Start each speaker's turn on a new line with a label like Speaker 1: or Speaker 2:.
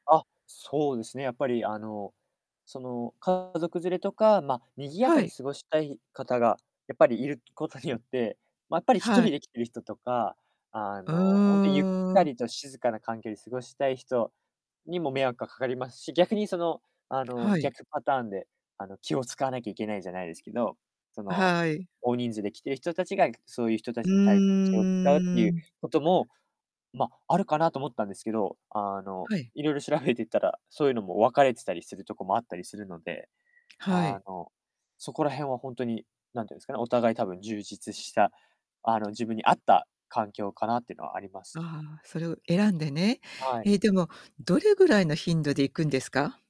Speaker 1: あ、そうですね、やっぱり、あの、その、家族連れとか、ま、賑やか
Speaker 2: は
Speaker 1: に
Speaker 2: い。
Speaker 1: 過ごしたい方が、やっぱり、いることによって、まったり、一
Speaker 2: は
Speaker 1: 人で
Speaker 2: い。
Speaker 1: 来てる人とか、あ
Speaker 2: う
Speaker 1: の、ほんとゆっ
Speaker 2: ー
Speaker 1: た
Speaker 2: ん。
Speaker 1: りと静かな環境で過ごしたい人にも迷惑がかかりますし、逆に、その、あの、
Speaker 2: はい。
Speaker 1: 逆パターンで、あの、気を使わなきゃいけないじゃないですけど、その、
Speaker 2: はい。
Speaker 1: 大人数で来てる人たちが、いそういう人た
Speaker 2: う
Speaker 1: ちに対して気を使うって
Speaker 2: ー
Speaker 1: いう
Speaker 2: ん。
Speaker 1: ことも、ま、あるかなと思ったんですけど、あの、
Speaker 2: はい。
Speaker 1: いろいろ調べていったら、そういうのも分かれてたりするとこもあったりするので、
Speaker 2: は
Speaker 1: あ
Speaker 2: い。
Speaker 1: の、そこら辺はほんとに、なんてんすかね、お互い、多分充実した、あの、自分に合った環境かなってのはあります。
Speaker 2: ああ、それを選んでね。
Speaker 1: はい。
Speaker 2: え、でも、どれぐらいの頻度で行くんですか？